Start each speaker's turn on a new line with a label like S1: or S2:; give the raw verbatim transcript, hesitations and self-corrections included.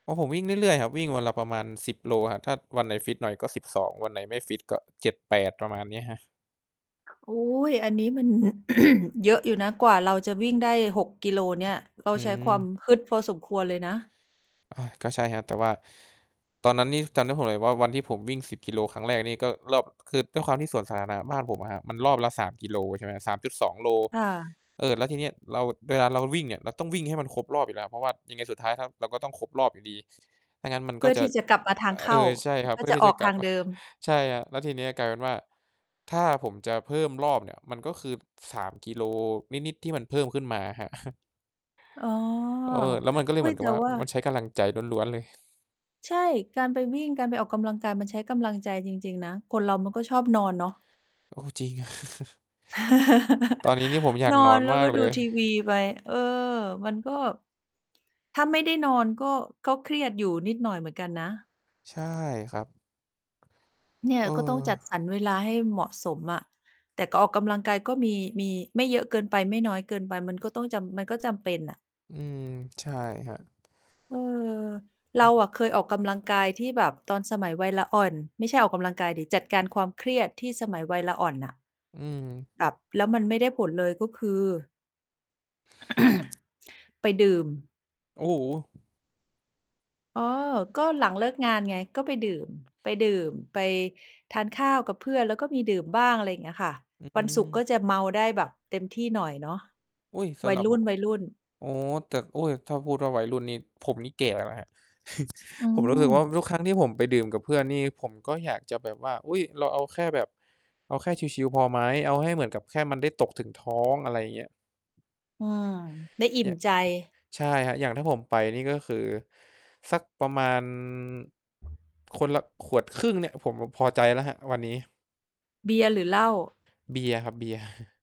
S1: อ๋อ ผมวิ่งเรื่อย ๆ ครับ วิ่งวันละประมาณ สิบ โลครับ ถ้าวันไหนฟิตหน่อย ก็ สิบสอง วันไหนไม่ฟิตก็ เจ็ดแปด ประมาณนี้ครับ
S2: โอ๊ย อันนี้มัน เยอะอยู่นะ กว่าเราจะวิ่งได้ หก กิโลเนี่ย เรา
S1: อื
S2: ใช้ควา
S1: ม
S2: มฮึดพอสมควรเลยนะ
S1: อา ก็ใช่ครับ แต่ว่า ตอนนั้นนี่ ตอนนั้นผมเห็นว่าวันที่ผมวิ่ง สิบ กิโล ครั้งแรก นี่ก็รอบ คือด้วยความที่สวนสาธารณะบ้านผมอะครับ มันรอบละ สาม กิโล ใช่ไหมครับ สามจุดสอง โล
S2: ค่ะ
S1: เออ แล้วทีเนี้ย เรา เวลาเราวิ่งเนี่ย เราต้องวิ่งให้มันครบรอบอยู่แล้ว เพราะว่ายังไงสุดท้ายครับ เราก็ต้องครบรอบอยู่ดี ถ้างั้นมัน
S2: เพ
S1: ก็
S2: ื่อ
S1: จะ
S2: ที่จะกลับมาทา
S1: อ
S2: งเข
S1: เอ
S2: ้า
S1: อ ใช่ครั
S2: เพ
S1: บ
S2: ื
S1: เ
S2: ่
S1: พ
S2: อ
S1: ื่อ
S2: จะ
S1: ที่
S2: อ
S1: จ
S2: อ
S1: ะ
S2: ก
S1: ก
S2: ท
S1: ลั
S2: า
S1: บ
S2: งเดิม
S1: ใช่ครับ แล้วทีเนี้ย กลายเป็นว่า ถ้าผมจะเพิ่มรอบเนี่ย มันก็คือ สาม กิโลนิด ๆ ที่มันเพิ่มขึ้นมาอะครับ
S2: อ๋อ
S1: เออ แล้วมันก็เล
S2: อ
S1: ย
S2: ุ๊
S1: เหม
S2: ย
S1: ือน
S2: แ
S1: กั
S2: ต
S1: บ
S2: ่
S1: ว่า
S2: ว
S1: อ
S2: ่
S1: ื
S2: า
S1: อ มันใช้กำลังใจล้วน ๆ เลย
S2: ใช่ การไปวิ่ง การไปออกกำลังกาย มันใช้กำลังใจจริง ๆ นะ คนเรามันก็ชอบนอนเนาะ
S1: โอ้ จริงอะ ตอนนี้นี่ผมอยา
S2: น
S1: กน
S2: อ
S1: อ
S2: น
S1: น
S2: แล้
S1: ม
S2: ว
S1: า
S2: ก
S1: ก
S2: ็
S1: เล
S2: ดู
S1: ย
S2: ทีวีไป เออ มันก็ ถ้าไม่ได้นอน ก็ ก็เครียดอยู่นิดหน่อยเหมือนกันนะ
S1: ใช่ครับ
S2: เนี่
S1: เ
S2: ย
S1: ออ
S2: ก็ต้องจัดสรรเวลาให้เหมาะสมอะ แต่ก็ออกกำลังกายก็มี มีไม่เยอะเกินไป ไม่น้อยเกินไป มันก็ต้องจำ มันก็จำเป็นน่ะ
S1: อืม ใช่ครับ
S2: เออ เ
S1: อ
S2: ร
S1: ื
S2: า
S1: ม
S2: อะเคยออกกำลังกาย ที่แบบตอนสมัยวัยละอ่อน ไม่ใช่ออกกำลังกายสิ จัดการความเครียดที่สมัยวัยละอ่อนน่ะ
S1: อืม
S2: แบบแล้วมันไม่ได้ผลเลย ก็คือ ไปดื่ม
S1: โอ้โฮ
S2: อ๋อ ก็หลังเลิกงานไง ก็ไปดื่ม ไปดื่ม ไปทานข้าวกับเพื่อน แล้วก็มีดื่มบ้าง อะไรอย่างเงี้ยค่ะ
S1: อื
S2: วันศุกร์ก
S1: ม
S2: ็จะเมาได้แบบเต็มที่หน่อยเนาะ
S1: อุ๊ย ส
S2: วั
S1: ำห
S2: ย
S1: รับ
S2: รุ
S1: ผม
S2: ่น ๆ
S1: อ๋อ แต่ อุ๊ย ถ้าพูดว่าวัยรุ่นนี้ ผมนี่แก่แล้วนะครับ
S2: อื
S1: ผมรู้สึกว่
S2: ม
S1: าทุกครั้งที่ผมไปดื่มกับเพื่อนนี่ ผมก็อยากจะแบบว่า "อุ๊ย เราเอาแค่แบบ เอาแค่ชิล ๆ พอไหม? เอาให้เหมือนกับแค่มันได้ตกถึงท้อง" อะไรอย่างเงี้ย
S2: อืม ได้อิ่
S1: แย
S2: มใจ
S1: ใช่ครับ อย่างถ้าผมไปนี่ ก็คือ สักประมาณ คนละขวดครึ่งเนี่ย ผมแบบพอใจแล้วครับวันนี้
S2: เบียร์หรือเหล้า?
S1: เบียร์ครับ เบียร์